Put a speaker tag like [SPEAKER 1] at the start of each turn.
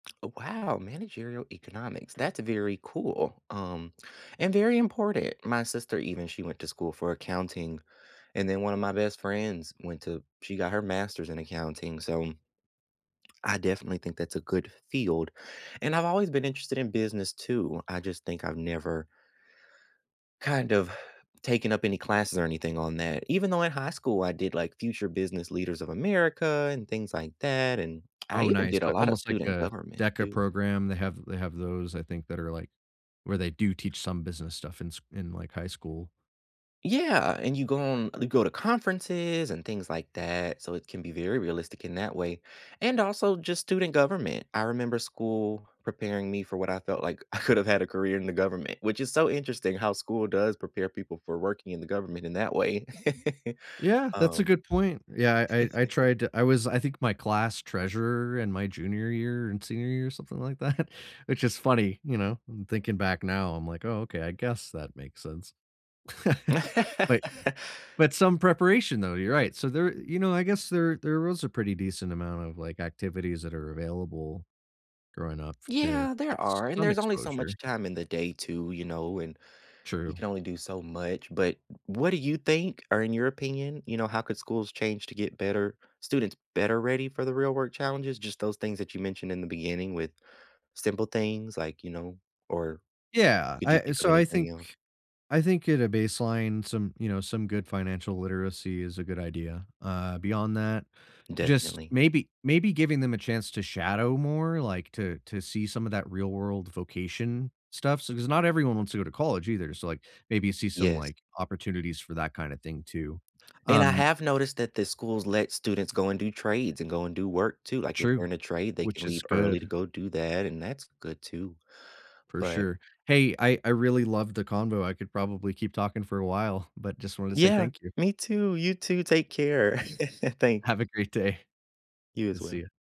[SPEAKER 1] Oh, wow! Managerial economics. That's very cool, um, and very important. My sister, even she went to school for accounting, and then one of my best friends went to she got her master's in accounting, so I definitely think that's a good field. And I've always been interested in business too, I just think I've never kind of taken up any classes or anything on that. Even though in high school, I did, like, Future Business Leaders of America and things like that, and I
[SPEAKER 2] Oh,
[SPEAKER 1] even
[SPEAKER 2] nice,
[SPEAKER 1] did a
[SPEAKER 2] but
[SPEAKER 1] lotta
[SPEAKER 2] almost like
[SPEAKER 1] student
[SPEAKER 2] a
[SPEAKER 1] government
[SPEAKER 2] DECA
[SPEAKER 1] too.
[SPEAKER 2] program. They have they have those, I think, that are, like, where they do teach some business stuff in s in, like, high school.
[SPEAKER 1] Yeah! And you go on you go to conferences and things like that, so it can be very realistic in that way. And also just student government. I remember school preparing me for what I felt like I could've had a career in the government, which is so interesting how school does prepare people for working in the government in that way.
[SPEAKER 2] Yeah, that's a
[SPEAKER 1] Um.
[SPEAKER 2] good point. Yeah. I I I tried to I was I think my class treasurer in my junior year and senior year or something like that, which is funny, you know? I'm thinking back now, I'm like, "Oh, okay, I guess that makes sense." Like but some preparation though, you're right. So, there you know, I guess there there was a pretty decent amount of like, activities that are available growing up to
[SPEAKER 1] Yeah, there
[SPEAKER 2] get
[SPEAKER 1] are, and
[SPEAKER 2] some
[SPEAKER 1] there's only so
[SPEAKER 2] exposure.
[SPEAKER 1] much time in the day too, you know, and you
[SPEAKER 2] True.
[SPEAKER 1] can only do so much, but w what do you think or in your opinion, you know, how could schools change to get better students better ready for the real work challenges? Just those things that you mentioned in the beginning with simple things, like you know or
[SPEAKER 2] Yeah.
[SPEAKER 1] could you
[SPEAKER 2] I
[SPEAKER 1] think of
[SPEAKER 2] so I
[SPEAKER 1] anything
[SPEAKER 2] think
[SPEAKER 1] else?
[SPEAKER 2] I think at a baseline, some you know, some good financial literacy is a good idea, uh, beyond that, just
[SPEAKER 1] Definitely.
[SPEAKER 2] maybe maybe giving them a chance to shadow more, like, to to see some of that real world vocation stuff. So s not everyone wants to go to college either, so like, maybe see some
[SPEAKER 1] Yes.
[SPEAKER 2] like, opportunities for that kinda thing too.
[SPEAKER 1] And I
[SPEAKER 2] Um
[SPEAKER 1] have noticed that the schools let students go and do trades and go and do work too. Like, if they're
[SPEAKER 2] True.
[SPEAKER 1] in a trade, they can
[SPEAKER 2] Which is
[SPEAKER 1] leave early to
[SPEAKER 2] good.
[SPEAKER 1] go do that, and that's good too.
[SPEAKER 2] For
[SPEAKER 1] But
[SPEAKER 2] sure. Hey. I I really love the convo. I could probably keep talking for a while, but just wanted to say
[SPEAKER 1] Yeah.
[SPEAKER 2] thank you.
[SPEAKER 1] Me too. You too. Take care. Thank
[SPEAKER 2] Have a great day.
[SPEAKER 1] You
[SPEAKER 2] I'll
[SPEAKER 1] as
[SPEAKER 2] see
[SPEAKER 1] well.
[SPEAKER 2] ya.